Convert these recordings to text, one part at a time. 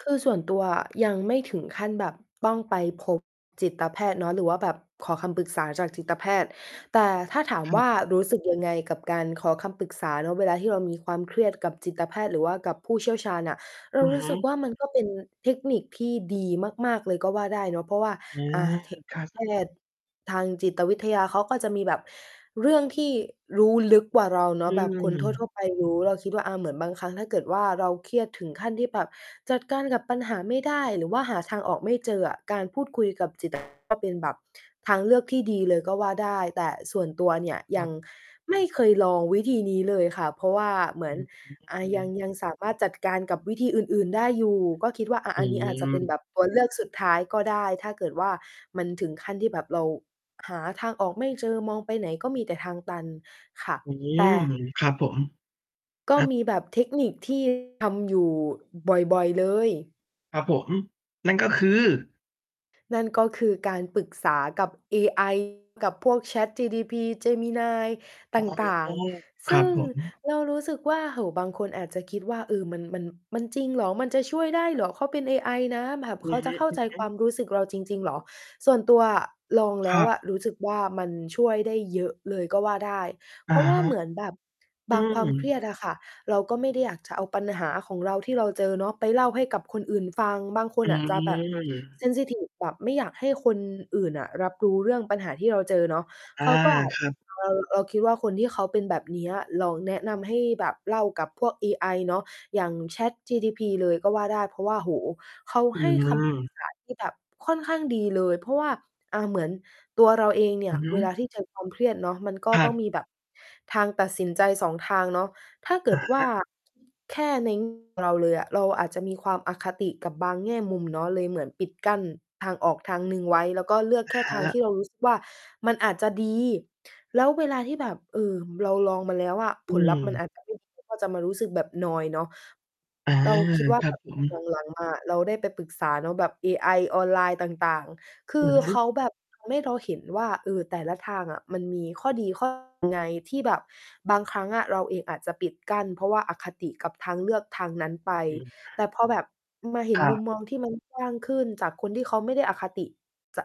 คือส่วนตัวอะ ยังไม่ถึงขั้นแบบ ต้องไปพบจิตแพทย์เนาะ หรือว่าแบบขอคำปรึกษาจากจิตแพทย์ แต่ถ้าถามครว่ับ า รู้สึกยังไงกับการขอคำปรึกษาเนาะ เวลาที่เรา มีความเครียดกับจิตแพทย์ หรือว่ากับผู้เชี่ยวชาญน่ะ เรอาะรูฮ้สึกะ ว่า มันก็เป็นเทคนิคที่ดีมาก ๆ เลยก็ว่าได้เนาะ เพราะว่า อา อะ เถะ คัแพส ทย์ ทางจิต วิทยา เขาก็จะมีแบบเรื่องที่รู้ลึกกว่าเราเนอาืะ แบบคนทม ั่ว ๆ ไปรู้ เราคิดว่า อา เหมือนบางครั้ง ถ้าเกิดว่า เราเครียดถึงขั้นที่แบบจัด การกับปัญหาไม่ได้ หรือว่าหาทางออกไม่เจออะ การพูดคุยกับ จิตแพทย์ ก็เป็นแบบทางเลือกที่ดีเลยก็ว่าได้ แต่ส่วนตัว เนี่ยยครัังบ ไม่เคยลองวิธีนี้เลยค่ะ เพราะว่าเหมืออืน อา ยัง ม ยังสามารถจัดการกับวิธีอื่น ๆ ได้อยู่ ก็คิดว่า อะ อือันนี้อาจจะเป็นแบม บตัว เลือกสุดท้ายก็ได้ ถ้าเกิดว่า มันถึงขั้นที่แบบเราหาทางออกไม่เจอ มองไปไหนก็มีแต่ทางตัน ค่ะ อืแต่ ม ครับผม ก็อะ มีแบบเทคนิค ที่ ทำอยู่บ่อย ๆ เลย ครับผม นั่นก็คือ นั่นก็คือการปรึกษากับเอ ไอ กับพวก ChatGDP Gemini อต๋อ ่าง ๆ คซรัึบ่งผม เรารู้สึกว่า โอ้โฮ บางคนอาจจะคิดว่า เออ มัน มัน มัน จริงเหรอ? มันจะช่วยได้เหรอ? เขาเป็นเอไอนะ แบบอืเขาอฮจะเข้าใจึ ควๆ ามรู้สึกเราจริง ๆ เหรอ? ส่วนตัวอะ ลองแลค้รัวอะ บ รู้สึกว่า มันช่วยได้เยอะเลยก็ว่าได้ อเพะราะว่ฮาะ เหมือนแบบ อบืางความเครีม ยดอะค่ะ เราก็ไม่ได้อยากจะเอาปัญหาของเราที่เราเจอเนาะไปเล่าให้กับคนอื่นฟัง บางคอนืน่ะจะแบบ เม ซนซิทิฟ แบบไม่อยากให้คนอื่นน่ะรับรู้เรื่องปัญหาที่เราเจอเนาะ อา เขาก็อาจ ครับ เรา เราคิดว่า คนที่เขาเป็นแบบ เนี้ย เราแนะนำให้แบบเล่ากับพวกเอไอเนาะ อย่าง ChatGDP เลยก็ว่าได้ เพราะว่า โอ้โฮ เขาอืให้คำ ปรึกม ษา ที่แบบค่อนข้างดีเลย เพราะว่า อ่า เหมือนตัวเราเองเนีอ่ืยอฮึ เวลาที่ เจอ ความเครียดเนาะ มัน ก็ครัต้องบ มีแบบทางตัดสินใจ 2 ทางเนาะ ถ้าเกอิะดวฮ่า ะ แค่ เน้ง เราเลยอะ เราอาจจะมี ความอคติกับบางแง่มุมเนาะ เลยเหมือนปิดกั้นทางออกทางหนึ่งไว้ แล้วก็เลือกอแะค่ฮทางะ ที่เรารู้ สึก ว่า มันอาจจะดี แล้วเวลาที่แบบ เอ่อ เราลองมาแล้วอะ อืผลลัพธ์มันม อาจ จะไม่ดี ก็จะมารู้สึกแบบนอยเนาะ อา เราคิดว่คา รแับบบผหลัม ง หลังมา อะ เราได้ไปปรึกษาเนาะแบบเอไอออนไลน์ต่าง ๆ คือืออฮึ เขาแบบ ทำ ให้เราเห็นว่า เออ แต่ละทางอะมันมีข้อดี ข้อ ไง ที่แบบบางครั้งอะเราเองอาจจะปิดกั้น เพราะว่าอคติกับทางเลือกทางนั้นไป อืม แต่พอแบบ อืม มาเห็คนรมุมับ มองที่มัน กว้าง ขึ้นจากคนที่ เขาไม่ได้อคติจะ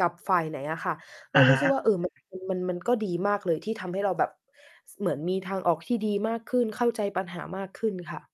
กับฝ่ายไหนอะค่ะ เรอาะรฮู้ะ สึกว่า เออ มัน มัน มันก็ดีมากเลยที่ทำให้เราแบบ ส เหมือนมีทางออกที่ดีมากขึ้น เข้าใจปัญหามากขึ้นค่ะ